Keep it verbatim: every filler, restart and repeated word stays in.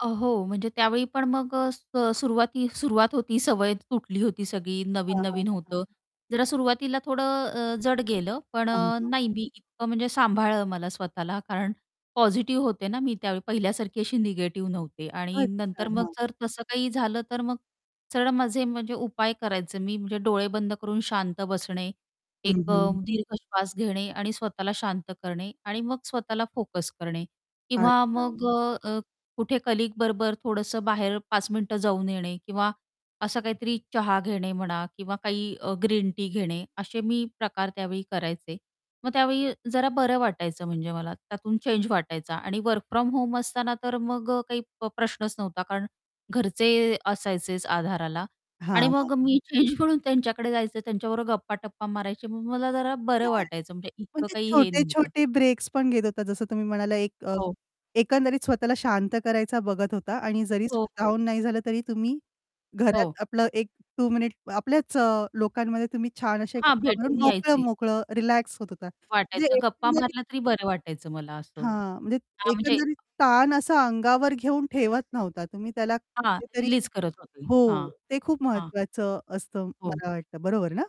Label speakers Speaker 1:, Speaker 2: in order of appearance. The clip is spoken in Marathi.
Speaker 1: अ, हो, म्हणजे त्यावेळी पण मग अ, स सुरुवाती सुरुवात होती, सवय तुटली होती सगळी,
Speaker 2: हां, हां, हां,
Speaker 1: नवीन-नवीन
Speaker 2: हां,
Speaker 1: होतं.
Speaker 2: हां.
Speaker 1: जरा सुरुवातीला थोडं अ, जड गेलं, पण
Speaker 2: अ, हां,
Speaker 1: अ,
Speaker 2: हां.
Speaker 1: नाही मी इतकं म्हणजे सांभाळलं मला स्वतःला. कारण पॉझिटिव्ह होते ना मी त्यावेळी, पहिल्यासारखी अशी निगेटिव्ह नव्हते आणि
Speaker 2: अच्छा.
Speaker 1: नंतर मग
Speaker 2: हां.
Speaker 1: जर तसं काही झालं, तर मग सरळ माझे म्हणजे उपाय करायचं मी म्हणजे डोळे बंद करून शांत बसणे,
Speaker 2: हं,
Speaker 1: एक अ,
Speaker 2: हं.
Speaker 1: दीर्घ श्वास घेणे आणि स्वतःला शांत करणे आणि मग स्वतःला फोकस करणे. किंवा
Speaker 2: अच्छा.
Speaker 1: मग अ, कुठे कलीग बरोबर थोडंसं बाहेर पाच मिनिटं जाऊन येणे किंवा असं काहीतरी चहा घेणे म्हणा किंवा काही अ, ग्रीन टी घेणे, असे मी प्रकार त्यावेळी करायचे. मग त्यावेळी अ, जरा बरं वाटायचं म्हणजे मला, त्यातून चेंज वाटायचा. आणि वर्क फ्रॉम होम असताना तर मग अ, काही प्र प्रश्नच नव्हता. कारण घरचे असायचेच आधाराला आणि
Speaker 2: हां, हां.
Speaker 1: मग मी चेंज म्हणून त्यांच्याकडे जायचे, त्यांच्याबरोबर गप्पा-टप्पा मारायचे. मग मला जरा बरं
Speaker 2: काय?
Speaker 1: वाटायचं, म्हणजे इतकं
Speaker 2: म्हणजे
Speaker 1: काही हे नव्हतं.
Speaker 2: छोटे-छोटे ब्रेक्स पण घेत होता, जसं तुम्ही म्हणाला एक अ,
Speaker 1: हो.
Speaker 2: एकंदरीत स्वतःला शांत करायचा बघत होता आणि जरी
Speaker 1: हो, हो.
Speaker 2: स्वतःहून नाही झालं, तरी तुम्ही घरात
Speaker 1: हो.
Speaker 2: आपलं एक टू मिनिट्स आपल्याच लोकांमध्ये तुम्ही छान असे
Speaker 1: हां,
Speaker 2: गप्पा मारून
Speaker 1: भेटून
Speaker 2: मोकळं
Speaker 1: यायचे.
Speaker 2: मोकळं रिलॅक्स होत होता. म्हणजे
Speaker 1: वाटायचं. गप्पा
Speaker 2: एकंदरीत
Speaker 1: मारलं तरी बरं वाटायचं मला असं.
Speaker 2: हां, म्हणजे त
Speaker 1: हां, म्हणजे
Speaker 2: एकंदरीत ताण असा अंगावर घेऊन ठेवत नव्हता, तुम्ही त्याला
Speaker 1: हां,
Speaker 2: कुठेतरी
Speaker 1: रिलीज करत होती.
Speaker 2: हो,
Speaker 1: हां.
Speaker 2: ते खूप
Speaker 1: हां.
Speaker 2: महत्वाचं असतं
Speaker 1: हो.
Speaker 2: मला वाटतं, बरोबर ना?